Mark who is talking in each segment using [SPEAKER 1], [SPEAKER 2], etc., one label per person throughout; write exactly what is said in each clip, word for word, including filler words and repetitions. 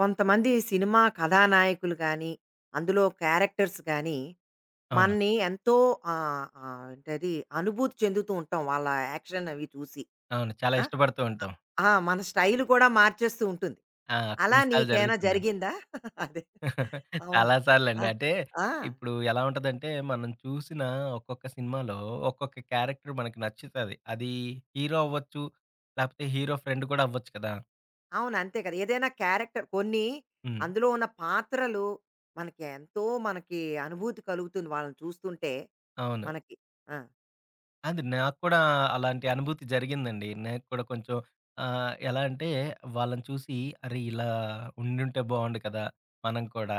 [SPEAKER 1] కొంతమంది సినిమా కథానాయకులు గానీ, అందులో క్యారెక్టర్స్ గానీ,
[SPEAKER 2] అవును.
[SPEAKER 1] మన్ని ఎంతో ఆహ్, ఆహ్, ఏంటది? అనుభూతి చెందుతూ ఉంటాం వాళ్ళ యాక్షన్ అవి చూసి.
[SPEAKER 2] అవును. చాలా
[SPEAKER 1] ఆ!
[SPEAKER 2] ఇష్టపడుతూ
[SPEAKER 1] ఆ!
[SPEAKER 2] ఉంటాం.
[SPEAKER 1] ఆ! మన స్టైలు కూడా మార్చేస్తూ ఉంటుంది.
[SPEAKER 2] ఆ!
[SPEAKER 1] అలా
[SPEAKER 2] కొన్నిసార్లు
[SPEAKER 1] నీకేయన్నా
[SPEAKER 2] జరుగుతుందండి.
[SPEAKER 1] జరిగిందా? అది. అవును.
[SPEAKER 2] చాలా
[SPEAKER 1] ఆ!
[SPEAKER 2] సార్లండి. అంటే,
[SPEAKER 1] ఆ!
[SPEAKER 2] ఇప్పుడు ఎలా ఉంటదంటే మనం చూసిన ఒక్కొక్క సినిమాలో ఒక్కొక్క క్యారెక్టర్ మనకు నచ్చుతది. అది హీరో అవ్వచ్చు, లేపోతే హీరో ఫ్రెండు కూడా అవ్వచ్చు కదా!
[SPEAKER 1] అవును. అంతే కదా! ఏదైనా క్యారెక్టర్ కొన్ని
[SPEAKER 2] హ్మ్.
[SPEAKER 1] అందులో ఉన్న పాత్రలు మనకి ఎంతో మనకి అనుభూతి కలుగుతుంది వాళ్ళని చూస్తుంటే
[SPEAKER 2] అవును.
[SPEAKER 1] మనకి. ఆ!
[SPEAKER 2] అది నాకు కూడా అలాంటి అనుభూతి జరిగిందండి. నేను కూడా కొంచెం ఆహ్, ఎలా అంటే, వాళ్ళని చూసి అరే ఇలా ఉండుంటే బావుండు కదా! మనం కూడా.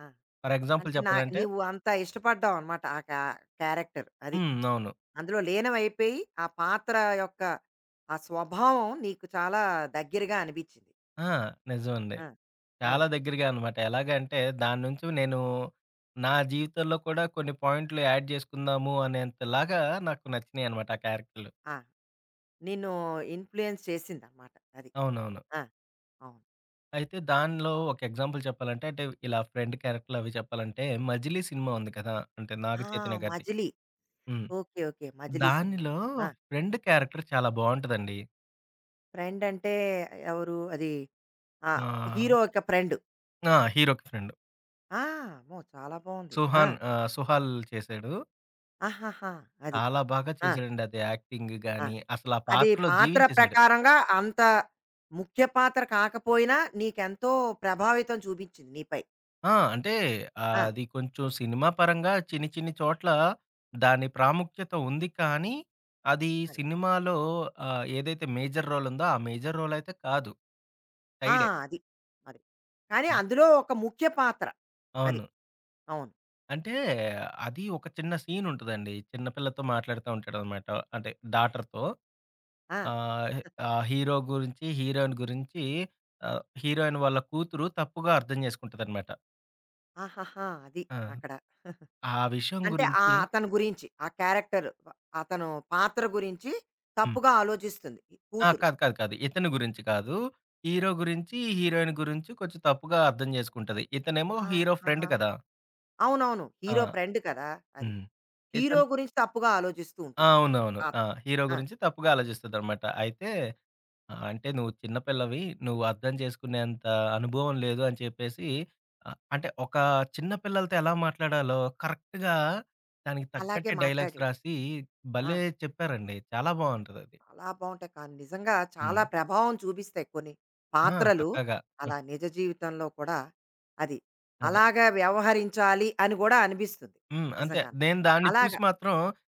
[SPEAKER 1] ఆ!
[SPEAKER 2] ఫర్ ఎగ్జాంపుల్
[SPEAKER 1] అంటే నా
[SPEAKER 2] చెప్పాలంటే
[SPEAKER 1] నీవు అంత ఇష్టపడ్డావనమాట ఆ కా క్యారెక్టర్. అది.
[SPEAKER 2] హ్మ్. అవును.
[SPEAKER 1] అందులో లీనమయిపోయి, ఆ పాత్ర యొక్క ఆ స్వభావం నీకు చాలా దగ్గరగా అనిపిచ్చింది.
[SPEAKER 2] ఆ! నిజమండి.
[SPEAKER 1] ఆ!
[SPEAKER 2] చాలా
[SPEAKER 1] ఆ!
[SPEAKER 2] దగ్గరగా అనమాట. ఎలాగంటే, దాని నుంచి నేను నా జీవితంలో కూడా కొన్ని పాయింట్లు యాడ్ జేసుకుందాము అనేంతలాగా నాకు నచ్చినియనమాట ఆ క్యారెక్టర్లు.
[SPEAKER 1] ఆ! నిన్ను ఇన్‌ఫ్లుయెన్స్ చేసిందనమాట అది.
[SPEAKER 2] అవునవును.
[SPEAKER 1] ఆ! అవును.
[SPEAKER 2] అయితే, దానిలో ఒక ఎగ్జాంపుల్ చెప్పాలంటే అంటే, ఇలా ఫ్రెండ్ క్యారెక్టర్లవి చెప్పాలంటే, 'మజిలీ' సినిమా ఉంది కదా! అంటే,
[SPEAKER 1] ఆ!
[SPEAKER 2] నాగచైతన్య గారిది.
[SPEAKER 1] 'మజిలీ.'
[SPEAKER 2] హ్మ్.
[SPEAKER 1] ఓకే. ఓకే. 'మజిలీ' సినిమా.
[SPEAKER 2] దానిలో
[SPEAKER 1] ఆ!
[SPEAKER 2] ఫ్రెండ్ క్యారెక్టర్ చాలా బావుంటదండి.
[SPEAKER 1] ఫ్రెండంటే ఎవరు అది. ఆ!
[SPEAKER 2] ఆ!
[SPEAKER 1] హీరో యొక్క ఫ్రెండ్
[SPEAKER 2] ఆ! హీరోకి ఫ్రెండ్
[SPEAKER 1] ఆ! అమ్మో! చాలా బావుంది. ఆ!
[SPEAKER 2] సుహాన్ ఆహ్, సుహల్ చేశాడు.
[SPEAKER 1] ఆహాహా! అది.
[SPEAKER 2] చాలా బాగా
[SPEAKER 1] ఆ!
[SPEAKER 2] చేశాడండి అది. యాక్టింగ్
[SPEAKER 1] ఆ!
[SPEAKER 2] గాని, అసల ఆ
[SPEAKER 1] అది
[SPEAKER 2] పాటలో
[SPEAKER 1] పాత్ర
[SPEAKER 2] జీవించేసాడు.
[SPEAKER 1] ప్రకారంగా అంత ముఖ్య పాత్ర కాకపోయినా, నీకెంతో ప్రభావితం చూపించింది నీపై.
[SPEAKER 2] ఆ! అంటే ఆ
[SPEAKER 1] ఆ!
[SPEAKER 2] అది కొంచెం సినిమా పరంగా చిన్ని చిన్ని చోట్ల, దాని ప్రాముఖ్యత ఉంది కానీ, అది
[SPEAKER 1] అది.
[SPEAKER 2] సినిమాలో ఆహ్, ఏదైతే మేజర్ రోల్ ఉందో ఆ మేజర్ రోల్ అయితే కాదు.
[SPEAKER 1] ఆ!
[SPEAKER 2] సైడే.
[SPEAKER 1] అది. అది. కానీ
[SPEAKER 2] హ్మ్.
[SPEAKER 1] అందులో ఒక ముఖ్య పాత్ర. అది.
[SPEAKER 2] అవును.
[SPEAKER 1] అవును.
[SPEAKER 2] అంటే అది ఒక చిన్న సీన్ ఉంటదండి. చిన్న పిల్లతో మాట్లాడుతా ఉంటాడనమాట, అంటే డాటర్‌‌తో.
[SPEAKER 1] ఆ!
[SPEAKER 2] ఆహ్, ఆ హీరో గురించి, హీరోయిన్ గురించి ఆహ్, హీరోయిన్ వాళ్ళ కూతురు తప్పుగా అర్థం చేసుకుంటదనమాట.
[SPEAKER 1] ఆహహా! అది.
[SPEAKER 2] ఆ!
[SPEAKER 1] అక్కడ
[SPEAKER 2] ఆ విషయం
[SPEAKER 1] అంటే
[SPEAKER 2] గురించి
[SPEAKER 1] ఆహ్, అతను గురించి. ఆ క్యారెక్టర్ ప అతను పాత్ర గురించి,
[SPEAKER 2] హ్మ్.
[SPEAKER 1] తప్పుగా ఆలోచిస్తుంది
[SPEAKER 2] ఆ!
[SPEAKER 1] కూతురు.
[SPEAKER 2] కాదు. కాదు. కాదు. ఇతని గురించి కాదు. హీరో గురించి హీరోయిన్ గురించి కొంచెం తప్పుగా అర్థం చేసుకుంటది. ఇతనేమో హీరో ఫ్రెండ్
[SPEAKER 1] ఆహాహా!
[SPEAKER 2] కదా!
[SPEAKER 1] అవునవును.
[SPEAKER 2] ఆ!
[SPEAKER 1] హీరో ఫ్రెండ్ కదా! అది.
[SPEAKER 2] హ్మ్.
[SPEAKER 1] హీరో
[SPEAKER 2] ఇతన్
[SPEAKER 1] గురించి తప్పుగా ఆలోచిస్తూ
[SPEAKER 2] ఆ!
[SPEAKER 1] ఉంటుంది. అది.
[SPEAKER 2] అవునవును.
[SPEAKER 1] ఆ!
[SPEAKER 2] ఆ! హీరో
[SPEAKER 1] ఆ!
[SPEAKER 2] గురించి తప్పుగా ఆలోచిస్తదనమాట. అయితే, ఆహ్, అంటే నువ్వు చిన్న పిల్లవి నువ్వు అర్థం చేసుకునేంత అనుభవం లేదు అని చెప్పేసి, ఆహ్, అంటే ఒక చిన్న పిల్లలతో ఎలా మాట్లాడాలో కరెక్టుగా దానికి
[SPEAKER 1] అలాగే
[SPEAKER 2] తగ్గట్టే డైలాగ్స్
[SPEAKER 1] మాట్లాడి.
[SPEAKER 2] రాసి
[SPEAKER 1] ఆ!
[SPEAKER 2] భలే చెప్పారండి. చాలా బావుంటదది.
[SPEAKER 1] చాలా బావుంటాయి. కానీ నిజంగా చాలా
[SPEAKER 2] హ్మ్.
[SPEAKER 1] ప్రభావం చూపిస్తాయి కొన్ని
[SPEAKER 2] ఆ!
[SPEAKER 1] పాత్రలు,
[SPEAKER 2] పక్కాగా.
[SPEAKER 1] అలా నిజ జీవితంలో కూడా, అది,
[SPEAKER 2] అదే.
[SPEAKER 1] అలాగా వ్యవహరించాలి అని కూడా అనిపిస్తది.
[SPEAKER 2] హ్మ్. అంతే.
[SPEAKER 1] నిజంగానే.
[SPEAKER 2] నేను దాన్ని చూసి
[SPEAKER 1] అలాగా.
[SPEAKER 2] మాత్రం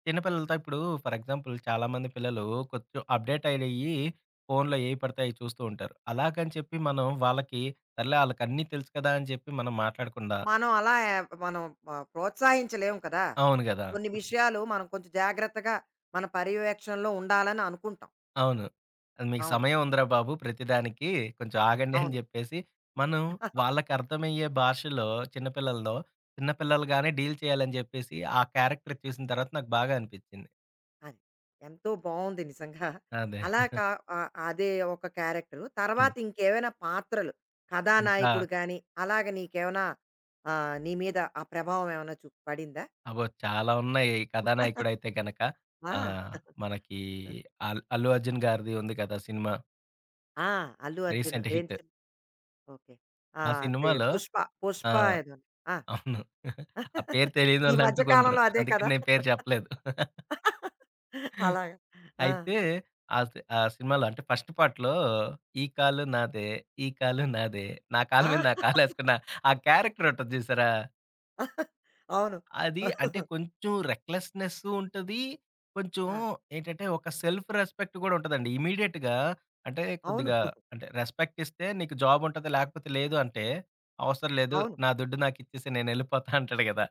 [SPEAKER 2] చిన్న పిల్లలతో ఇప్పుడు ఫర్ ఎగ్జాంపుల్ చాలామంది పిల్లలు కొంచెం అప్డేట్ అయినయి ఫోనులో ఏయి పడితే అయి చూస్తూ ఉంటారు. అలాగని చెప్పి మనం వాళ్ళకి సర్లే వాళ్ళకిన్నీ తెలుసు కదా అని చెప్పి మనం మాట్లాడకుండా
[SPEAKER 1] మనం అలా యా మనం ప ప్రోత్సహించలేం కదా!
[SPEAKER 2] అవును కదా!
[SPEAKER 1] కొన్ని విషయాలు మనం కొంచెం జాగ్రత్తగా, మన పర్యవేక్షణలో ఉండాలని అనుకుంటాం.
[SPEAKER 2] అవును. అ మీకు
[SPEAKER 1] అవును.
[SPEAKER 2] సమయం ఉందిరా బాబు! ప్రతిదానికి. కొంచెం ఆగండి అని
[SPEAKER 1] అవును.
[SPEAKER 2] జెప్పేసి, మనం వాళ్ళకర్థమయ్యే భాషలో చిన్న పిల్లలదో చిన్న పిల్లలుగానే డీల్ చేయాలని జెప్పేసి ఆ క్యారెక్టర్ చూసిన తర్వాత నాకు బాగా అనిపిచ్చింది.
[SPEAKER 1] అది. ఎంతో బావుంది నిజంగా.
[SPEAKER 2] అదే.
[SPEAKER 1] అలా కా ఆ అదే ఒక క్యారెక్టరు.
[SPEAKER 2] హ్మ్.
[SPEAKER 1] తర్వాత ఇంకేవైనా పాత్రలు,
[SPEAKER 2] ఇంకా
[SPEAKER 1] కథానాయకుడు గానీ, అలాగ నీకేవన్నా ఆహ్, నీ మీద ఆ ప్రభావం ఏవన్నా చు పడిందా?
[SPEAKER 2] అబ్బో! చాలా ఉన్నాయి కథానాయకుడైతే గనక.
[SPEAKER 1] ఆ!
[SPEAKER 2] ఆ! మనకి
[SPEAKER 1] ఆ!
[SPEAKER 2] అల్ 'అల్లు అర్జున్' గారిది ఉంది గదా సినిమా!
[SPEAKER 1] ఆ! 'అల్లు అర్జున్'
[SPEAKER 2] రీసెంట్
[SPEAKER 1] ఏంటి
[SPEAKER 2] హిట్.
[SPEAKER 1] చే ఓకే. ఆ!
[SPEAKER 2] ఆ
[SPEAKER 1] అదే.
[SPEAKER 2] సినిమాలో
[SPEAKER 1] 'పుష్ప'
[SPEAKER 2] ఆ!
[SPEAKER 1] 'పుష్ప' ఏదో. ఆ!
[SPEAKER 2] అవును. ఆ పేరు
[SPEAKER 1] ఈ మధ్య
[SPEAKER 2] తెలీయనోళ్ళంటూకుండరు.
[SPEAKER 1] కాలంలో అదే
[SPEAKER 2] అందుకని
[SPEAKER 1] కదా!
[SPEAKER 2] నేను పేరు చెప్పలేదు.
[SPEAKER 1] అలాగా. ఆ!
[SPEAKER 2] అయితే ఆ సి ఆ సినిమాలో అంటే ఫస్ట్ పార్ట్‌లో ఈ కాలు నాదే, ఈ కాలు నాదే, నా కాలు మీద
[SPEAKER 1] ఆ!
[SPEAKER 2] నా కాలేసుకున్న ఆ క్యారెక్టర్ ఉంటది జూసారా?
[SPEAKER 1] అవును.
[SPEAKER 2] అది అంటే కొంచెం రెక్లెస్‌నెసు ఉంటది. కొంచెం
[SPEAKER 1] ఆ!
[SPEAKER 2] ఏంటంటే ఒక సెల్ఫ్ రెస్పెక్ట్ కూడా ఉంటదండి. ఇమ్మీడియేట్‌గా అంటే
[SPEAKER 1] అవును.
[SPEAKER 2] కొద్దిగా అంటే రెస్పెక్ట్ ఇస్తే నీకు జాబ్ ఉంటది, లేకపోతే లేదు అంటే, అవసరం లేదు.
[SPEAKER 1] అవును.
[SPEAKER 2] నా దుడ్డు నాకిచ్చేసేయు, నేనెళ్ళిపోతా అంటాడు కదా!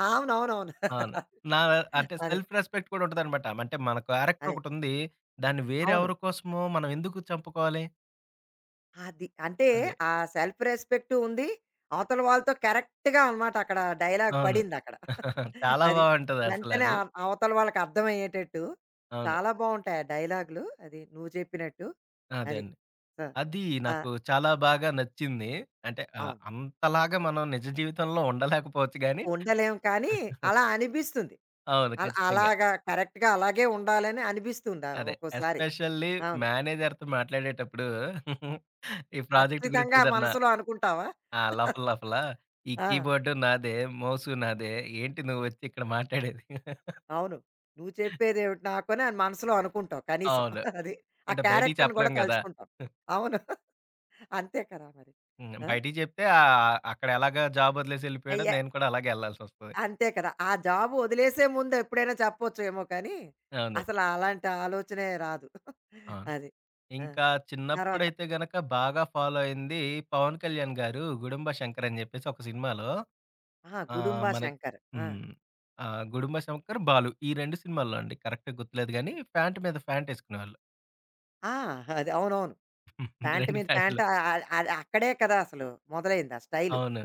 [SPEAKER 1] అవునవునవును.
[SPEAKER 2] అవును. నా అంటే
[SPEAKER 1] అదే.
[SPEAKER 2] సెల్ఫ్ రెస్పెక్ట్ కూడా ఉంటదనమాట. అంటే మన
[SPEAKER 1] అదే.
[SPEAKER 2] క్యారెక్టరొకటుంది. దాన్ని వేరే
[SPEAKER 1] అవును.
[SPEAKER 2] ఎవరి కోసము మనం ఎందుకు చంపుకోవాలి?
[SPEAKER 1] అది. అంటే
[SPEAKER 2] అదే.
[SPEAKER 1] ఆ సెల్ఫ్ రెస్పెక్టు ఉంది. అవతల వాళ్ళతో కరెక్ట్‌గా అనమాట అక్కడ డైలాగ్
[SPEAKER 2] అవును.
[SPEAKER 1] పడిందక్కడ.
[SPEAKER 2] చాలా
[SPEAKER 1] అది. వెంటనే
[SPEAKER 2] బావుంటదసలది.
[SPEAKER 1] అ అవతల వాళ్ళకర్థమయ్యేటట్టు.
[SPEAKER 2] అవును.
[SPEAKER 1] చాలా బావుంటాయి ఆ డైలాగులు అది నువ్వు చెప్పినట్టు. అది.
[SPEAKER 2] అదేండి.
[SPEAKER 1] ఆ!
[SPEAKER 2] అది
[SPEAKER 1] ఆ!
[SPEAKER 2] నాకు చాలా బాగా నచ్చింది. అంటే ఆహ్,
[SPEAKER 1] అవును.
[SPEAKER 2] అంతలాగా మనం నిజ జీవితంలో ఉండలేకపోవచ్చు గానీ
[SPEAKER 1] ఉండలేం కానీ, అలా అనిపిస్తుంది.
[SPEAKER 2] అవును.
[SPEAKER 1] అలా
[SPEAKER 2] ఖచ్చితంగా.
[SPEAKER 1] అలాగా కరెక్ట్‌గా అలాగే ఉండాలని అనిపిస్తుంది ఆహ్,
[SPEAKER 2] అదే.
[SPEAKER 1] ఒక్కోసారి.
[SPEAKER 2] ఎస్పెషల్లీ
[SPEAKER 1] అవును.
[SPEAKER 2] మేనేజర్‌తో మాట్లాడేటప్పుడు, ఈ ప్రాజెక్ట్ గురించి
[SPEAKER 1] ఖచ్చితంగా
[SPEAKER 2] ఏదన్నా
[SPEAKER 1] మనసులో అనుకుంటావా?
[SPEAKER 2] ఆ! లోపల లోపల ఈ
[SPEAKER 1] ఆ!
[SPEAKER 2] కీబోర్డు నాదే, మోసు నాదే ఏంటి నువ్వొచ్చి ఇక్కడ మాట్లాడేది?
[SPEAKER 1] అవును. నువ్వు చెప్పేదేవిటి నాకు అని మనసులో అనుకుంటావు కనీసం.
[SPEAKER 2] అవును.
[SPEAKER 1] అది. ఆ
[SPEAKER 2] అంటే బయటికి
[SPEAKER 1] క్యారెక్టర్‌ని కూడా
[SPEAKER 2] చెప్పలేం కదా!
[SPEAKER 1] తలుచుకుంటావు. అవును. అంతే కదా! మరి!
[SPEAKER 2] హ్మ్.
[SPEAKER 1] ఆ!
[SPEAKER 2] బయటికి చెప్తే ఆహ్, అక్కడ ఎలాగా జాబొదిలేసి ఎళ్ళిపోయాడో
[SPEAKER 1] అయ్యా
[SPEAKER 2] నేను కూడా అలాగే ఎళ్ళాల్సొస్తది.
[SPEAKER 1] అంతే కదా! ఆ జాబు వదిలేసే ముందు ఎప్పుడైనా చెప్పొచ్చేమో కానీ,
[SPEAKER 2] అవును.
[SPEAKER 1] అసలు అలాంటి ఆలోచనే రాదు.
[SPEAKER 2] ఆ!
[SPEAKER 1] అది. ఆ!
[SPEAKER 2] ఇంకా
[SPEAKER 1] తర్వాత
[SPEAKER 2] చిన్నప్పుడైతే గనక బాగా ఫాలో అయింది 'పవన్ కళ్యాణ్ గారు' 'గుడుంబ శంకర్' అని చెప్పేసి ఒక సినిమాలో
[SPEAKER 1] ఆహా!
[SPEAKER 2] ఆహ్,
[SPEAKER 1] 'గుడుంబ
[SPEAKER 2] మనకి
[SPEAKER 1] శంకర్' ఆ!
[SPEAKER 2] హ్మ్. ఆహ్, 'గుడుమ శంకర్,' 'బాలు' ఈ రెండు సినిమాల్లో అండి కరెక్ట్‌గా గుర్తులేదు గానీ, ఫ్యాంటు మీద ఫ్యాంటేసుకునేవాళ్ళు.
[SPEAKER 1] ఆ! అది అవునవును. ప్యాంట్
[SPEAKER 2] రెండు
[SPEAKER 1] మీద
[SPEAKER 2] ఫ్యాంట్లు.
[SPEAKER 1] ప్యాంట్ అ అ అదక్కడే కదా! అసలు మొదలైంది ఆ స్టైలు.
[SPEAKER 2] అవును.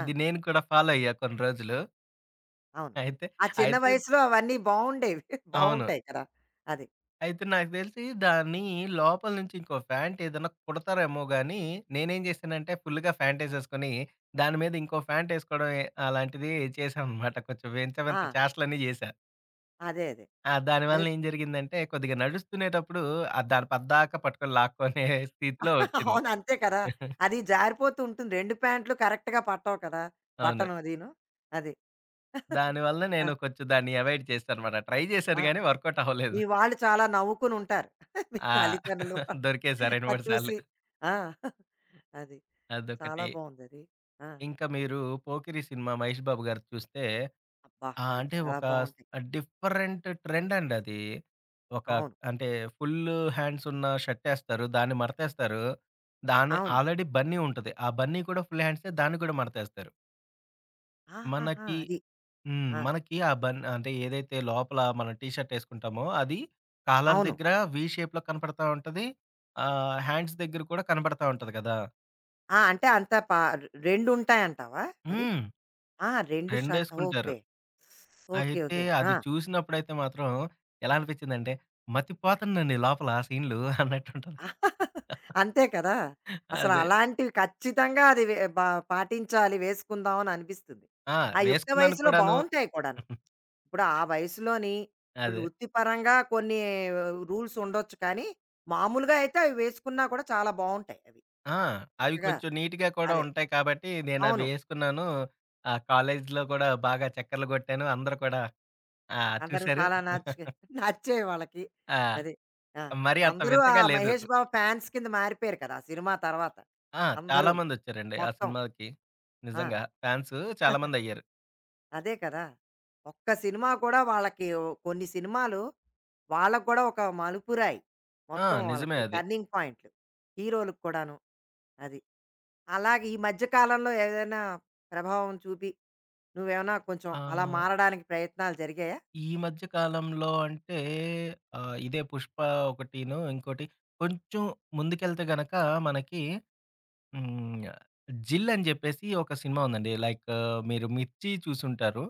[SPEAKER 1] ఆ!
[SPEAKER 2] నేను కూడా ఫాలో అయ్యా కొన్ని రోజులు.
[SPEAKER 1] అవును.
[SPEAKER 2] అయితే,
[SPEAKER 1] ఆ చిన్న
[SPEAKER 2] అయితే
[SPEAKER 1] వయసులో అవన్ని బావుండేవి.
[SPEAKER 2] అవును.
[SPEAKER 1] బావుంటాయి కదా! అది.
[SPEAKER 2] అయితే, నాకు దెలిసి దాన్నీ లోపల నుంచి ఇంకో ఫ్యాంటేదన్నా కుడతారేమో గాని, నేనేం జేశానంటే ఫుల్లుగా ఫ్యాంటేసేసుకోని, దాని మీద ఇంకో ఫ్యాంటేసుకోవడం, అలాంటిది చేశాననమాట. కొంచెం వింత వింత
[SPEAKER 1] ఆ!
[SPEAKER 2] చేస్టలన్ని జేశా.
[SPEAKER 1] అదే. అదే.
[SPEAKER 2] ఆ! దాని
[SPEAKER 1] అదే
[SPEAKER 2] వలన ఏం జరిగిందంటే కొద్దిగా నడుస్తునేటప్పుడు, ఆ దాన పద్దాకా పట్టుకుని, లాక్కోనే స్థితిలో వచ్చింది.
[SPEAKER 1] అవునంతే కదా! అది జారిపోతూంటుంది. రెండు ప్యాంట్లు కరెక్ట్‌గా పట్టవు కదా!
[SPEAKER 2] అవును.
[SPEAKER 1] బటను అదిను. అది.
[SPEAKER 2] దాని వలన
[SPEAKER 1] ఆ!
[SPEAKER 2] నేను కొంచెం దాన్ని అవాయిడ్ చేసా అన్నమాట. ట్రై జేశాను
[SPEAKER 1] ఆ!
[SPEAKER 2] గాని, వర్కౌటవ్వలేదు.
[SPEAKER 1] మీ వాళ్ళు చాలా నవ్వుకొనుంటారు. మీ
[SPEAKER 2] ఆ!
[SPEAKER 1] తల్లిదండ్రులు,
[SPEAKER 2] దొరికేసా రెండు
[SPEAKER 1] అది
[SPEAKER 2] మూడు సార్లు.
[SPEAKER 1] చూసి. ఆ! అది. చాలా
[SPEAKER 2] అదొకటి.
[SPEAKER 1] బావుందది. ఆ!
[SPEAKER 2] ఇంకా మీరు 'పోకిరి' సినిమా 'మహేష్ బాబు' గారిది చూస్తే
[SPEAKER 1] అబ్బా!
[SPEAKER 2] ఆ!
[SPEAKER 1] అవి
[SPEAKER 2] అంటే
[SPEAKER 1] చాలా
[SPEAKER 2] ఒక స్
[SPEAKER 1] బావుంటాయి.
[SPEAKER 2] డిఫరెంట్ ట్రెండండది. ఒక
[SPEAKER 1] అవును.
[SPEAKER 2] అంటే ఫుల్లు హ్యాండ్సున్న షార్టేస్తారు. దాన్ని మాడతేస్తారు. దాని
[SPEAKER 1] అవును.
[SPEAKER 2] ఆల్రెడి బన్నీ ఉంటది. ఆ బన్నీ, కూడా ఫుల్ హ్యాండ్సే, దాన్ని కూడా మడతేస్తారు.
[SPEAKER 1] ఆహాహా!
[SPEAKER 2] మనకి
[SPEAKER 1] అది.
[SPEAKER 2] హ్మ్.
[SPEAKER 1] ఆ!
[SPEAKER 2] మనకి ఆ బన్ అంటే ఏదైతే లోపల మనం టీ షర్ట్ ఏసుకుంటామో, అది కాలర్
[SPEAKER 1] అవును.
[SPEAKER 2] దగ్గర వి షేప్‌లో కనపడతా ఉంటది. ఆహ్, హ్యాండ్స్ దగ్గర కూడా కనబడతా ఉంటది కదా!
[SPEAKER 1] ఆ! అంటే అంత పా రెండు ఉంటాయింటావా అది?
[SPEAKER 2] హ్మ్.
[SPEAKER 1] ఆ! రెండు షర్ట్!
[SPEAKER 2] రెండేసుకుంటారు.
[SPEAKER 1] ఓకే. ఓకే.
[SPEAKER 2] అయితే,
[SPEAKER 1] ఓకే. ఆ!
[SPEAKER 2] అది చూసినప్పుడైతే మాత్రం ఎలా అనిపించిందంటే, మతిపోతందండి లోపల సీన్లు అన్నట్టుంటది.
[SPEAKER 1] అంతే కదా! అసలు
[SPEAKER 2] అదే.
[SPEAKER 1] అలాంటివి ఖచ్చితంగా అది వ బ పాటించాలి. వేసుకుందాం అని అనిపిస్తుంది.
[SPEAKER 2] ఆ!
[SPEAKER 1] ఆ యుక్త
[SPEAKER 2] వేసుకున్నాను
[SPEAKER 1] వయస్సులో
[SPEAKER 2] కూడాను.
[SPEAKER 1] బావుంటాయి కూడాను. ఇప్పుడు ఆ వయసులోని, ఇప్పుడు
[SPEAKER 2] అదే.
[SPEAKER 1] వృత్తిపరంగా కొన్ని రూల్స్ ఉండొచ్చు కానీ, మామూలుగా అయితే అవి వేసుకున్నా కూడా చాలా బావుంటాయి అవి.
[SPEAKER 2] ఆ! అవి
[SPEAKER 1] చక్కగా.
[SPEAKER 2] కొంచెం నీట్‌గా కూడా
[SPEAKER 1] అదే.
[SPEAKER 2] ఉంటాయి కాబట్టి, నేనవి
[SPEAKER 1] అవును.
[SPEAKER 2] ఏసుకున్నాను. ఆ! కాలేజ్లో కూడా బాగా చెక్కెర్లు కొట్టాను. అందరూ కూడా ఆ!
[SPEAKER 1] అందరూ
[SPEAKER 2] చూసారు.
[SPEAKER 1] చాలా నచ్చుగా నచ్చాయి వాళ్ళకి.
[SPEAKER 2] ఆ!
[SPEAKER 1] అదే. ఆ!
[SPEAKER 2] మరి అంత
[SPEAKER 1] అందరూ ఆ
[SPEAKER 2] వింతగా లేదు.
[SPEAKER 1] 'మహేష్ బాబు' ఫ్యాన్స్ కింద మారిపోయారు కదా! ఆ సినిమా తర్వాత,
[SPEAKER 2] ఆ!
[SPEAKER 1] అందరూను
[SPEAKER 2] చాలామందొచ్చారండి ఆ
[SPEAKER 1] మొత్తం.
[SPEAKER 2] సినిమాకి.
[SPEAKER 1] ఆ!
[SPEAKER 2] నిజంగా, ఫ్యాన్స్ చాలామందయ్యారు.
[SPEAKER 1] అదే కదా! ఒక్క సినిమా కూడా వాళ్ళకి వ్ కొన్ని సినిమాలు వాళ్ళకి కూడా ఒక మలుపురాయి.
[SPEAKER 2] ఆ!
[SPEAKER 1] మొత్తం
[SPEAKER 2] నిజమే
[SPEAKER 1] వాళ్ళకి
[SPEAKER 2] అది.
[SPEAKER 1] టర్నింగ్ పాయింట్లు, హీరోలకు కూడాను. అది. అలాగే ఈ మధ్య కాలంలో ఏదైనా ప్రభావం చూపి, నువ్వేమన్నా కొంచెం అలా
[SPEAKER 2] ఆ!
[SPEAKER 1] మారడానికి ప్రయత్నాలు జరిగాయా?
[SPEAKER 2] ఈ మధ్య కాలంలో అంటే, ఆహ్, ఇదే 'పుష్ప' ఒకటిను, ఇంకోటి కొంచెం ముందుకెళ్తే గనక మనకి, హ్మ్. 'జిల్' అని జెప్పేసి ఒక సినిమా ఉందండి. లైక్ మీరు 'మిర్చి' చూసుంటారు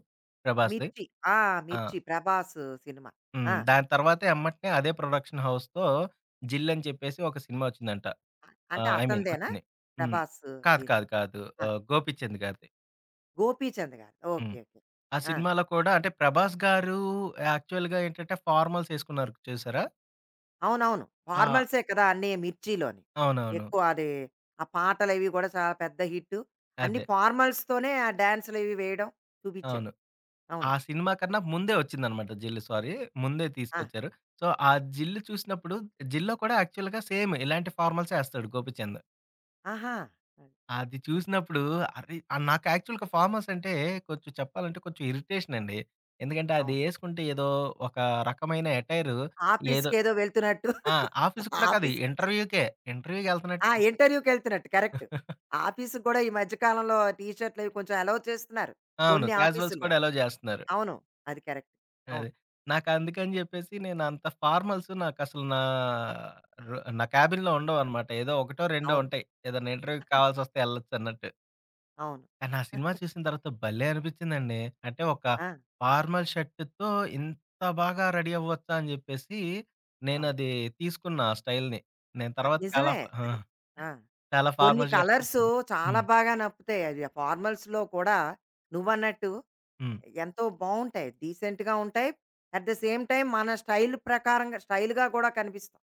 [SPEAKER 2] 'ప్రభాస్‌ది'.
[SPEAKER 1] 'మిర్చి' ఆ!
[SPEAKER 2] ఆ!
[SPEAKER 1] 'మిర్చి' 'ప్రభాస్' సినిమా.
[SPEAKER 2] హ్మ్.
[SPEAKER 1] ఆ!
[SPEAKER 2] దాని తర్వాత యమ్మటనే అదే ప్రొడక్షన్ హౌస్‌తో 'జిల్' అని చెప్పేసి ఒక సినిమా ఒచ్చిందంట. ఆ!
[SPEAKER 1] అంటే
[SPEAKER 2] ఐ మీన్
[SPEAKER 1] అతనిదేనా?
[SPEAKER 2] వచ్చింది. హ్మ్.
[SPEAKER 1] 'ప్రభాస్'
[SPEAKER 2] కాదు.
[SPEAKER 1] దీంట్లో?
[SPEAKER 2] కాదు. కాదు.
[SPEAKER 1] ఆ!
[SPEAKER 2] ఆహ్ గోపచంద్ గారిది.
[SPEAKER 1] గోపీచంద్ గారు.
[SPEAKER 2] హ్మ్.
[SPEAKER 1] ఓకే. ఓకే.
[SPEAKER 2] ఆ
[SPEAKER 1] ఆ!
[SPEAKER 2] సినిమాలో కూడా అంటే, ప్రభాస్ గారు యాక్చువల్‌గా ఏంటంటే ఫార్మల్స్ ఏసుకున్నారు చూశారా?
[SPEAKER 1] అవునవును.
[SPEAKER 2] ఆ!
[SPEAKER 1] ఫార్మల్సే కదా! అన్నీ మిర్చీలోని.
[SPEAKER 2] అవునవును.
[SPEAKER 1] ఎక్కువ అది, ఆ పాటలవి గూడా చాలా పెద్ద హిట్టు. అన్ని
[SPEAKER 2] అదే.
[SPEAKER 1] ఫార్మల్స్‌తోనే ఆ డ్యాన్సులవి వేయడం చూపిచ్చాడు.
[SPEAKER 2] అవును. ఆ
[SPEAKER 1] అవును.
[SPEAKER 2] సినిమా కన్నా ముందే వచ్చిందనమాట 'జిల్' సారీ ముందే
[SPEAKER 1] ఆ!
[SPEAKER 2] తీసుకొచ్చారు. సో, ఆ 'జిల్' చూసినప్పుడు 'జిల్‌లో' కూడా యాక్చువల్‌గా సేమ్ ఇలాంటి ఫార్మల్సే ఏస్తాడు 'గోపిచంద్.'
[SPEAKER 1] ఆహా! అది.
[SPEAKER 2] అది చూసినప్పుడు అరె ఆ! నాకు యాక్చువల్‌గా ఫార్మల్స్ అంటే కొంచెం చెప్పాలంటే కొంచెం ఇరిటేషనండి. ఎందుకంటే,
[SPEAKER 1] అవును.
[SPEAKER 2] అదేసుకుంటే ఏదో ఒక రకమైన ఎటైరు ఏదో
[SPEAKER 1] ఆఫీస్‌కేదో వెళ్తున్నట్టు.
[SPEAKER 2] ఆ! ఆఫీసుకి కూడా కాదు
[SPEAKER 1] ఆఫీస్
[SPEAKER 2] ఇంటర్వ్యూకే,
[SPEAKER 1] ఆ!
[SPEAKER 2] ఇంటర్వ్యూకెళ్తన్నట్టు.
[SPEAKER 1] ఇంటర్వ్యూకెళ్తున్నట్టు కరెక్టు. ఆఫీసుకి కూడా ఈ మధ్య కాలంలో టీషర్టులవి కొంచెం ఎలో చేస్తున్నారు
[SPEAKER 2] అవును.
[SPEAKER 1] కొన్ని
[SPEAKER 2] క్యాజువల్స్ కూడా
[SPEAKER 1] ఆఫీసుల్లోని.
[SPEAKER 2] ఎలో జేస్తున్నారు.
[SPEAKER 1] అవును. అది కరెక్ట్.
[SPEAKER 2] అది.
[SPEAKER 1] అవును.
[SPEAKER 2] నాకందుకని జెప్పేసి నేనంత ఫార్మల్సు నాకసలు నా రో నా క్యాబిన్‌లో ఉండవనమాట. ఏదో ఒకటో, రెండో
[SPEAKER 1] అవును.
[SPEAKER 2] ఉంటాయి. ఏదన్నా ఇంటర్వ్యూకి కావాల్సొస్తే ఎళ్ళొచ్చన్నట్టు.
[SPEAKER 1] అవును.
[SPEAKER 2] కానా సినిమా చూసిన తర్వాత భలే అనిపిచ్చిందండి. అంటే, ఒక
[SPEAKER 1] ఆ!
[SPEAKER 2] ఫార్మల్ షర్టుతో ఇంత బాగా రెడీ అవ్వొచ్చా? అని జెప్పేసి
[SPEAKER 1] అవును.
[SPEAKER 2] నేనది తీసుకున్నా ఆ స్టైల్‌ని. నేను
[SPEAKER 1] అది
[SPEAKER 2] తర్వాత చాలా
[SPEAKER 1] నిజమే
[SPEAKER 2] ఫా ఆ!
[SPEAKER 1] అది. ఆ!
[SPEAKER 2] చాలా
[SPEAKER 1] కొన్ని
[SPEAKER 2] ఫార్మల్ షర్ట్సు
[SPEAKER 1] కలర్స్
[SPEAKER 2] కొని
[SPEAKER 1] చాలా
[SPEAKER 2] హ్మ్.
[SPEAKER 1] బాగా నప్పుతాయి. అవి ఆ ఫార్మల్స్‌లో కూడా నువ్వన్నట్టు
[SPEAKER 2] హ్మ్.
[SPEAKER 1] ఎ ఎంతో బావుంటాయి. డీసెంట్‌గా ఉంటాయి. అట్ ద సేమ్ టైమ్ మన స్టైలు ప్రకారంగా స్టైలుగా గూడా కనిపిస్తాం.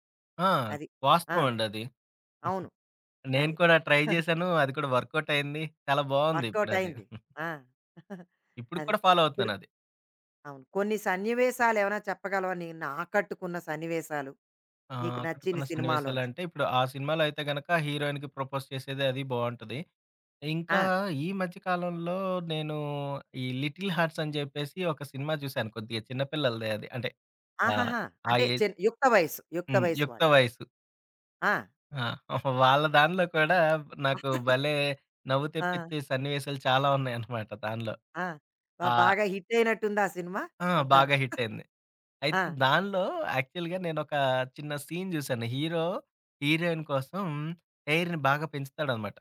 [SPEAKER 2] ఆ!
[SPEAKER 1] అది. ఆ!
[SPEAKER 2] వాస్తవం అండది.
[SPEAKER 1] అవును.
[SPEAKER 2] నేను
[SPEAKER 1] అది.
[SPEAKER 2] కూడా ట్రై జేశాను. అది కూడా వర్కౌట్ అయింది. చాలా బావుంది
[SPEAKER 1] వర్క్‌అవుట్
[SPEAKER 2] ఇప్పుడది.
[SPEAKER 1] అయింది. ఆ!
[SPEAKER 2] ఇప్పుడుకి
[SPEAKER 1] అది.
[SPEAKER 2] కూడా ఫాలో
[SPEAKER 1] పుడు
[SPEAKER 2] అవుతున్నానది.
[SPEAKER 1] అవును. కొన్ని సన్నివేశాలేవైనా చెప్పగలవా నిన్ను ఆకట్టుకున్న సన్నివేశాలు
[SPEAKER 2] ఆహ్,
[SPEAKER 1] నీకు నచ్చిన
[SPEAKER 2] ఆకట్టుకున్న
[SPEAKER 1] సినిమాలోంచి?
[SPEAKER 2] సన్నివేశాలంటే, ఇప్పుడు ఆ సినిమాలో అయితే గనక హీరోయిన్‌కి ప్రపోజ్ చేసేది అది బావుంటది. ఇంకా
[SPEAKER 1] ఆ!
[SPEAKER 2] ఈ మధ్య కాలంలో నేను ఈ 'లిటిల్ హార్ట్స్' అని జెప్పేసి ఒక సినిమా చూశాను కొద్దిగా చిన్న పిల్లలదే అది. అంటే, ఆహ్,
[SPEAKER 1] ఆహాహా!
[SPEAKER 2] ఆ
[SPEAKER 1] అంటే,
[SPEAKER 2] ఏజ్.
[SPEAKER 1] చిన్ యుక్త వయసు, యుక్త
[SPEAKER 2] హ్మ్.
[SPEAKER 1] వయసు
[SPEAKER 2] యుక్త
[SPEAKER 1] వాళ్ళు.
[SPEAKER 2] వయసు.
[SPEAKER 1] ఆ!
[SPEAKER 2] ఆ! వాళ్ళ దానిలో కూడా నాకు భలే నవ్వు
[SPEAKER 1] ఆ!
[SPEAKER 2] తెప్పిచ్చే సన్నివేశాలు చాలా ఉన్నాయన్నమాట దానిలో.
[SPEAKER 1] ఆ! బా
[SPEAKER 2] ఆ
[SPEAKER 1] బాగా హిట్టయినట్టుందా సినిమా
[SPEAKER 2] ఆ!
[SPEAKER 1] అంతాను.
[SPEAKER 2] బాగా హిట్టయింది.
[SPEAKER 1] ఆ!
[SPEAKER 2] అయితే దానిలో యాక్చువల్‌గా నేనొక చిన్న సీన్ జూశాను. హీరో హీరోయిన్ కోసం హెయిర్‌ని బాగా పెంచుతాడనమాట.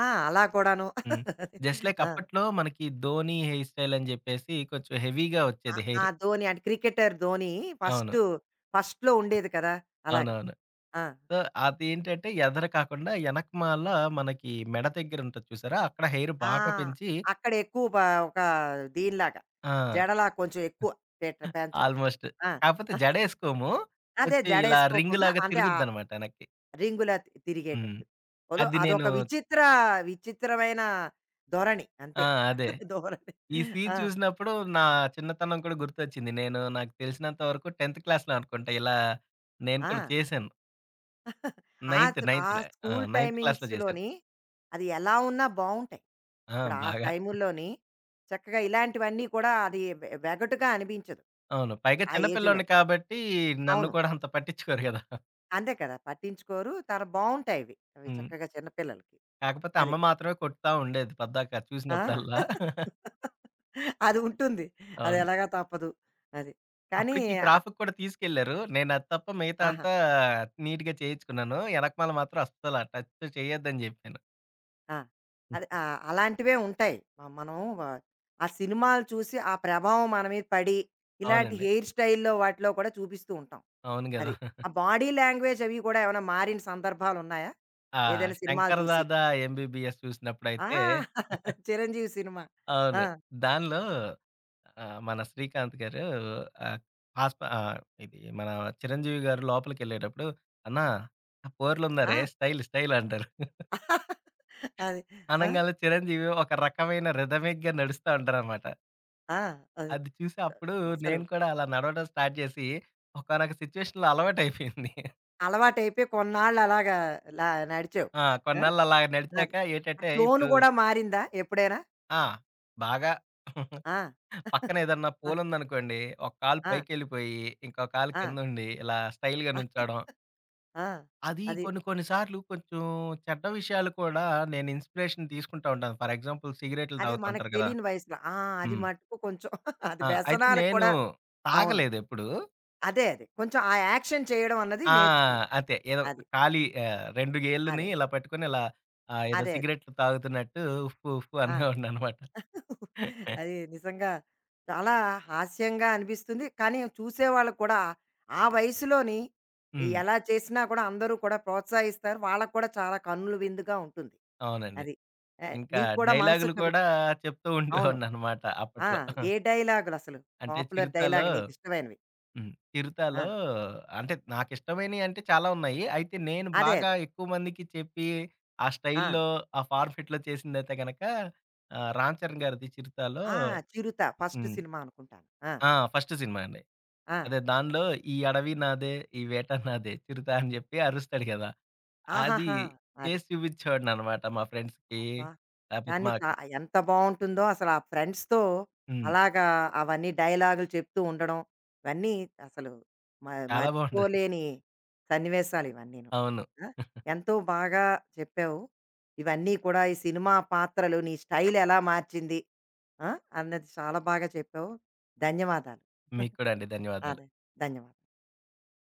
[SPEAKER 1] ఆ! అలా కూడాను.
[SPEAKER 2] హ్మ్. జస్ట్ లైక్
[SPEAKER 1] ఆ!
[SPEAKER 2] అప్పట్లో మనకి 'ధోనీ' హెయిర్ స్టైల్ అని జెప్పేసి కొంచెం హెవీగా
[SPEAKER 1] ఆ
[SPEAKER 2] ఒచ్చేది
[SPEAKER 1] ఆ!
[SPEAKER 2] హెయిర్.
[SPEAKER 1] 'ధోని' అంటే క్రికెటర్ 'ధోని'
[SPEAKER 2] అవును.
[SPEAKER 1] ఫస్ట్ ఫస్ట్‌లో ఉండేది కదా! అలాగా.
[SPEAKER 2] అవునవును.
[SPEAKER 1] ఆ!
[SPEAKER 2] సో, అదేంటంటే ఎదర కాకుండా ఎనకమాల మనకి మెడ దెగ్గరుంటది చూసారా? అక్కడ హెయిర్
[SPEAKER 1] ఆ!
[SPEAKER 2] బాగా పెంచి
[SPEAKER 1] అక్కడెక్కువ పా ఒక దీనిలాగా.
[SPEAKER 2] ఆ!
[SPEAKER 1] జడలా కొంచెం ఎక్కువ పెట్ట పెంచడం.
[SPEAKER 2] ఆల్‌మోస్ట్.
[SPEAKER 1] ఆ!
[SPEAKER 2] కాకపోతే జడేసుకోము.
[SPEAKER 1] అదే
[SPEAKER 2] ఒత్తి ఇలా రింగ్
[SPEAKER 1] జడేసుకోకుండా
[SPEAKER 2] లాగా
[SPEAKER 1] అంతే ఆ
[SPEAKER 2] తిరుగుద్దనమాట ఎనక్కి.
[SPEAKER 1] రింగులా తి
[SPEAKER 2] హ్మ్.
[SPEAKER 1] తిరిగేటట్టు. వదో
[SPEAKER 2] అది నేను
[SPEAKER 1] అదొక విచిత్ర విచిత్రమైన ధొరణి
[SPEAKER 2] ఆ!
[SPEAKER 1] అంతే.
[SPEAKER 2] అదే.
[SPEAKER 1] ధోరణి
[SPEAKER 2] ఈ సీన్
[SPEAKER 1] ఆ!
[SPEAKER 2] చూసినప్పుడు నా చిన్నతనం కూడా గుర్తొచ్చింది. నేను నాకు తెలిసినంత వరకు టెన్త్ క్లాస్‌లో అనుకుంటా, ఇలా నేను కూడా
[SPEAKER 1] ఆ!
[SPEAKER 2] చేశాను.
[SPEAKER 1] ఆ
[SPEAKER 2] నైన్త్,
[SPEAKER 1] స్ ఆ
[SPEAKER 2] నైన్త్‌‌ల ఆ!
[SPEAKER 1] స్కూలు
[SPEAKER 2] నైన్త్ క్లాస్‌లో జేశాను.
[SPEAKER 1] టైమింగ్స్‌‌లోని అది ఎలా ఉన్నా బావుంటాయి.
[SPEAKER 2] ఆ!
[SPEAKER 1] ఇప్పుడు ఆ
[SPEAKER 2] బాగా.
[SPEAKER 1] టైముల్లోని చక్కగా ఇలాంటివన్నీ కూడా అది వె వెగటుగా అనిపించదు.
[SPEAKER 2] అవును. పైగా
[SPEAKER 1] ఆ
[SPEAKER 2] చిన్న
[SPEAKER 1] ఏజ్‌లోని.
[SPEAKER 2] పిల్లోడిన్ని కాబట్టి నన్ను
[SPEAKER 1] అవును.
[SPEAKER 2] కూడా అంత పట్టించుకోరు కదా!
[SPEAKER 1] అంతే కదా! పట్టించుకోరు. తర బావుంటాయివి, అవి
[SPEAKER 2] హ్మ్.
[SPEAKER 1] చక్కగా చిన్న పిల్లలకి.
[SPEAKER 2] కాకపోతే, అమ్మ
[SPEAKER 1] అదే.
[SPEAKER 2] మాత్రమే కొడతా ఉండేది, పద్దాక
[SPEAKER 1] ఆ!
[SPEAKER 2] చూసినప్పుడల్లా.
[SPEAKER 1] అది ఉంటుంది. అది
[SPEAKER 2] అవును.
[SPEAKER 1] ఎలాగా తప్పదు. అది. కానీ,
[SPEAKER 2] అప్పటికి
[SPEAKER 1] అ
[SPEAKER 2] క్రాఫ్‌కి కూడా తీసుకెళ్లారు. నేనది తప్ప మిగతా
[SPEAKER 1] ఆహా!
[SPEAKER 2] అంతా నీట్‌గా చేయించుకున్నాను. ఎనకమాల మాత్రం అస్సల, టచ్ చేయొద్దని జెప్పాను.
[SPEAKER 1] ఆ! అది. ఆ! అలాంటివే ఉంటాయి. మ మనము, వ ఆ సినిమాలు చూసి, ఆ ప్రభావం మన మీద పడి, ఇలాంటి
[SPEAKER 2] అవునండి.
[SPEAKER 1] హెయిర్ స్టైల్‌లో, వాటిలో కూడా చూపిస్తూంటాం.
[SPEAKER 2] అవును గదా!
[SPEAKER 1] అది. ఆ బాడీ లాంగ్వేజవి కూడా ఏమైనా మారిన సందర్భాలున్నాయా
[SPEAKER 2] ఆ!
[SPEAKER 1] ఏదైనా సినిమాలు
[SPEAKER 2] 'శంకర్
[SPEAKER 1] చూసి?
[SPEAKER 2] దాదా ఎంబీబీఎస్'
[SPEAKER 1] ఆ!
[SPEAKER 2] చూసినప్పుడైతే
[SPEAKER 1] 'చిరంజీవి' సినిమా. ఆ!
[SPEAKER 2] అవును. దానిలో ఆహ్, మన 'శ్రీకాంత్' గారు ఆహ్, ఆస్ప ఆహ్, ఇది మన 'చిరంజీవి' గారు లోపలికెళ్ళేటప్పుడు అన్నా, ఆ పోర్లున్నారే
[SPEAKER 1] ఆ!
[SPEAKER 2] స్టైలు స్టైల్ అంటారు.
[SPEAKER 1] అది. ఆ!
[SPEAKER 2] అనంగాల్నే, 'చిరంజీవి' ఒక రకమైన రిథమిక్‌గా నడుస్తా ఉంటారనమాట.
[SPEAKER 1] ఆ! అది.
[SPEAKER 2] అది చూసే, అప్పుడు
[SPEAKER 1] అసలు
[SPEAKER 2] నేను కూడా అలా నడవడం స్టార్ట్ జేసి, ఒకానక సిచ్యువేషన్‌లో అలవాటయిపోయింది.
[SPEAKER 1] అలవాటైపోయి కొన్నాళ్ళలాగా, లా నడిచావు.
[SPEAKER 2] ఆ!
[SPEAKER 1] ఆ!
[SPEAKER 2] కొన్నాళ్ళలాగా
[SPEAKER 1] అద
[SPEAKER 2] నడిచాక
[SPEAKER 1] ఆ
[SPEAKER 2] ఏటంటే,
[SPEAKER 1] టోన్
[SPEAKER 2] ఇప్పుడు
[SPEAKER 1] గూడా మారిందా ఎప్పుడైనా?
[SPEAKER 2] ఆ! బాగా.
[SPEAKER 1] ఆ!
[SPEAKER 2] పక్కన ఏదన్నా
[SPEAKER 1] ఆ!
[SPEAKER 2] పోలుందనుకోండి, ఒక కాళు
[SPEAKER 1] ఆ!
[SPEAKER 2] పైకెళ్ళిపోయి, ఇంకో కాళు
[SPEAKER 1] ఆ!
[SPEAKER 2] కిందుండి ఇలా, స్టైల్‌గా నుంచోడం.
[SPEAKER 1] ఆ!
[SPEAKER 2] అది
[SPEAKER 1] అది.
[SPEAKER 2] కొన్ని కొన్ని సార్లు కొంచెం, చెడ్డ విషయాలు కూడా నేను ఇన్స్‌పిరేషన్ తీసుకుంటా ఉంటాను. ఫర్ ఎగ్జాంపుల్ సిగరెట్లు
[SPEAKER 1] అదే మనకు
[SPEAKER 2] తాగుతూంటారు కదా!
[SPEAKER 1] తెలీని వయసులో. ఆ! అది
[SPEAKER 2] హ్మ్.
[SPEAKER 1] మట్టుకు కొంచెం అది
[SPEAKER 2] ఆ! అయితే
[SPEAKER 1] వ్యసనాలకి
[SPEAKER 2] నేను,
[SPEAKER 1] కూడా అవును.
[SPEAKER 2] తాగలేదెప్పుడు.
[SPEAKER 1] అదే. అదే. కొంచెం ఆ యాక్షన్ చేయడం అన్నది
[SPEAKER 2] ఆ!
[SPEAKER 1] నేర్చుకున్నావు.
[SPEAKER 2] అంతే, ఏదో
[SPEAKER 1] అది.
[SPEAKER 2] ఖాళీ ఆహ్, రెండు గేళ్ళని
[SPEAKER 1] అదే.
[SPEAKER 2] ఇలా పట్టుకొని, ఇలా ఆహ్, ఏదో
[SPEAKER 1] అదే.
[SPEAKER 2] సిగరెట్లు తాగుతున్నట్టు ఉఫూ, ఉఫూ
[SPEAKER 1] ఆ!
[SPEAKER 2] అనేవాడినమాట.
[SPEAKER 1] అది నిజంగా, చాలా హాస్యంగా అనిపిస్తుంది. కానీ, చూసేవాళ్ళకి కూడా, ఆ వయసులోని,
[SPEAKER 2] హ్మ్.
[SPEAKER 1] ఎలా చేసినా కూడా అందరూ కూడా ప్రోత్సహిస్తారు. వాళ్ళకి కూడా చాలా కన్నుల విందుగా ఉంటుంది.
[SPEAKER 2] అవునండి.
[SPEAKER 1] అది. ఆహ్,
[SPEAKER 2] ఇంకా
[SPEAKER 1] నీకు కూడా
[SPEAKER 2] డైలాగులు
[SPEAKER 1] మనసుకరు
[SPEAKER 2] కూడా చెప్తూ
[SPEAKER 1] అవును.
[SPEAKER 2] ఉండేవాడిననమాట
[SPEAKER 1] ఆ!
[SPEAKER 2] అప్పట్లో.
[SPEAKER 1] ఏ డైలాగులసలు?
[SPEAKER 2] అంటే,
[SPEAKER 1] పాపులర్
[SPEAKER 2] 'చిరుత'లో
[SPEAKER 1] డైలాగ్ నీకిష్టమైనవి?
[SPEAKER 2] హ్మ్. 'చిరుత'లో
[SPEAKER 1] ఆ!
[SPEAKER 2] అంటే, నాకిష్టమైనయంటే చాలా ఉన్నాయి. అయితే, నేను
[SPEAKER 1] అదే.
[SPEAKER 2] బాగా
[SPEAKER 1] అదే.
[SPEAKER 2] ఎక్కువమందికి చెప్పి, ఆ
[SPEAKER 1] ఆ!
[SPEAKER 2] స్టైల్‌లో, ఆ ఫార్ఫిట్‌లో చేసిందైతే గనక, ఆహ్, 'రామ్ చరణ్' గారిది 'చిరుత'లో
[SPEAKER 1] ఆ! 'చిరుత' ఫస్ట్
[SPEAKER 2] హ్మ్.
[SPEAKER 1] సినిమా అనుకుంటాను. ఆ!
[SPEAKER 2] ఆ! ఫస్ట్ సినిమా అండి.
[SPEAKER 1] ఆ!
[SPEAKER 2] అదే దానిలో, ఈ అడవి నాదే, ఈ వేట నాదే చిరుతా అని చెప్పి అరుస్తాడు కదా! అది
[SPEAKER 1] ఆహాహా! అది.
[SPEAKER 2] చేసి చూపిచ్చేవాడినన్నమాట, మా ఫ్రెండ్స్‌కి,
[SPEAKER 1] అబ్బా!
[SPEAKER 2] లాపోతే
[SPEAKER 1] కానీ, చ
[SPEAKER 2] మాకు
[SPEAKER 1] ఎంత బావుంటుందో అసలు! ఆ ఫ్రెండ్స్‌తో,
[SPEAKER 2] హ్మ్.
[SPEAKER 1] అలాగా, అవన్నీ డైలాగులు చెప్తూ ఉండడం, ఇవన్నీ అసలు, మ
[SPEAKER 2] చాలా బావుంటది.
[SPEAKER 1] మర్చిపోలేని సన్నివేశాలివన్నీను.
[SPEAKER 2] అవును.
[SPEAKER 1] ఆ! ఎంతో బాగా చెప్పావు. ఇవన్నీ కూడా, ఈ సినిమా పాత్రలు, నీ స్టైలెలా మార్చింది? ఆ! అన్నది చాలా బాగా చెప్పావు. ధన్యవాదాలు.
[SPEAKER 2] మీకు కూడా అండి. ధన్యవాదాలు.
[SPEAKER 1] అదే. ధన్యవాద్